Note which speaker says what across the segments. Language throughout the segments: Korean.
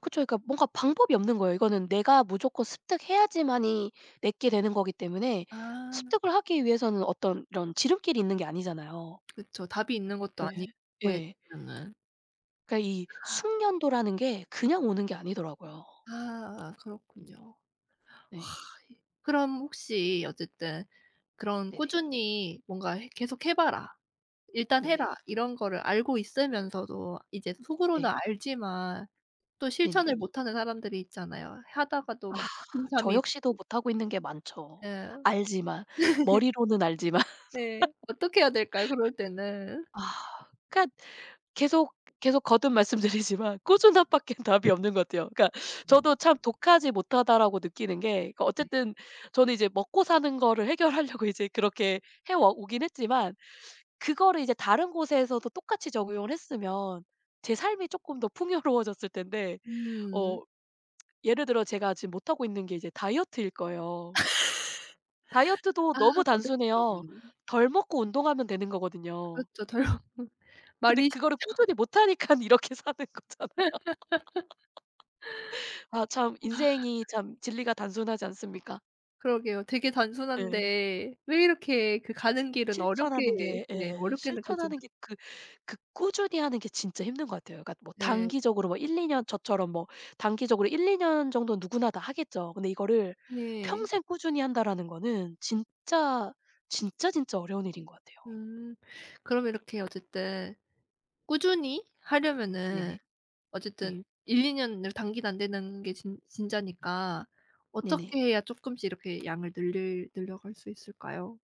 Speaker 1: 그쵸. 그러니까 뭔가 방법이 없는 거예요. 이거는 내가 무조건 습득해야지만이 내 게 되는 거기 때문에
Speaker 2: 아.
Speaker 1: 습득을 하기 위해서는 어떤 이런 지름길이 있는 게 아니잖아요.
Speaker 2: 그쵸. 답이 있는 것도
Speaker 1: 네.
Speaker 2: 아니고
Speaker 1: 예.
Speaker 2: [unintelligible]
Speaker 1: 그러니까 이 숙련도라는 게 그냥 오는 게 아니더라고요.
Speaker 2: 아. 그렇군요. 와 이
Speaker 1: 네.
Speaker 2: 그럼 혹시 어쨌든 그런
Speaker 1: 네네.
Speaker 2: '꾸준히 뭔가 해 계속해 봐라, 일단
Speaker 1: 네네.
Speaker 2: 해라.' 이런 거를 알고 있으면서도 이제 속으로는
Speaker 1: 네.
Speaker 2: 알지만 또
Speaker 1: 네네.
Speaker 2: 실천을 못 하는 사람들이 있잖아요. 하다가도
Speaker 1: 아.
Speaker 2: 막
Speaker 1: 저
Speaker 2: 작심삼일
Speaker 1: 역시도
Speaker 2: 이고.
Speaker 1: 못하고 있는 게 많죠.
Speaker 2: 예.
Speaker 1: 알지만 머리로는 알지만.
Speaker 2: 네. 어떻게 해야 될까요? 그럴 때는?
Speaker 1: 아 그러니까 계속, 계속 거듭 말씀드리지만 꾸준함밖엔 답이 없는 것 같아요. 그러니까 저도
Speaker 2: 음.
Speaker 1: 참 '독하지 못하다.'라고 느끼는 게 그
Speaker 2: 네.
Speaker 1: 어쨌든 저는 이제 먹고사는 거를 해결하려고 이제 그렇게 해 와 오긴 했지만 그거를 이제 다른 곳에서도 똑같이 적용을 했으면 제 삶이 쪼끔 더 풍요로워졌을 텐데
Speaker 2: 음.
Speaker 1: 어 예를 들어 제가 지금 못하고 있는 게 이제 다이어트일 거예요. 다이어트도
Speaker 2: 아
Speaker 1: 너무
Speaker 2: 어렵죠.
Speaker 1: 단순해요.
Speaker 2: 음.
Speaker 1: 덜 먹고 운동하면 되는 거거든요.
Speaker 2: 그렇죠. 덜 먹고
Speaker 1: 근데
Speaker 2: 말이
Speaker 1: 그거를
Speaker 2: 쉽죠.
Speaker 1: 꾸준히 못 하니깐 이렇게 사는 거잖아요. 아 참
Speaker 2: 와.
Speaker 1: 인생이 참 진리가 단순하지 않습니까?
Speaker 2: 그러게요. 되게
Speaker 1: 네.
Speaker 2: 단순한데 왜 이렇게 그 가는 길은
Speaker 1: 실천하는
Speaker 2: 어렵게
Speaker 1: 게
Speaker 2: 네
Speaker 1: 예
Speaker 2: 어렵게 느껴지는
Speaker 1: 실천하는 게 그 그 꾸준히 하는 게 진짜 힘든 것 같아요. 그러니까 뭐
Speaker 2: 네.
Speaker 1: 단기적으로 뭐 1-2 년 저처럼 뭐 단기적으로 1-2 년 정도는 누구나 다 하겠죠. 근데 이거를
Speaker 2: 예.
Speaker 1: '평생 꾸준히 한다.'라는 거는 진짜, 진짜, 진짜 어려운 일인 것 같아요.
Speaker 2: 음. 그럼 이렇게 어쨌든 꾸준히 하려면은
Speaker 1: 네네. 네.
Speaker 2: 어쨌든 1-2 년을 단기도 안 되는 게 진 진짜니까 어떻게
Speaker 1: 네네.
Speaker 2: 해야 쪼끔씩 이렇게 양을 늘릴 늘려 갈 수 있을까요?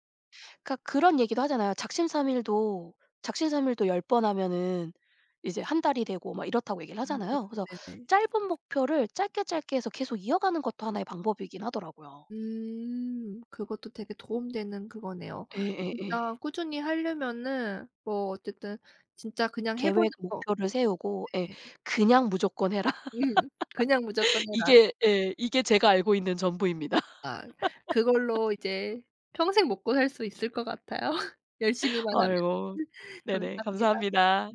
Speaker 1: 그러니까 그런 얘기도 하잖아요. 작심삼일도 작심삼일도 10 번 하면은 이제 1 달이 되고 막 이렇다고 얘기를
Speaker 2: 음
Speaker 1: 하잖아요. 그래서
Speaker 2: 네네.
Speaker 1: 짧은 목표를 짧게, 짧게 해서 계속 이어가는 것도 하나의 방법이긴 하더라고요.
Speaker 2: 음. 그것도 되게 도움 되는 그거네요.
Speaker 1: 예예예.
Speaker 2: 진짜 꾸준히 하려면은 뭐 어쨌든 진짜 그냥 해 보는
Speaker 1: 계획
Speaker 2: 거.
Speaker 1: 목표를 세우고 예
Speaker 2: 네.
Speaker 1: 그냥 무조건 해라.
Speaker 2: 음. 그냥 무조건 해라.
Speaker 1: 이게 예 이게 제가 알고 있는 전부입니다.
Speaker 2: 아 그걸로 이제 평생 먹고살 수 있을 것 같아요. 열심히만 하면.
Speaker 1: 아이고. 네네.
Speaker 2: 감사합니다.
Speaker 1: 감사합니다.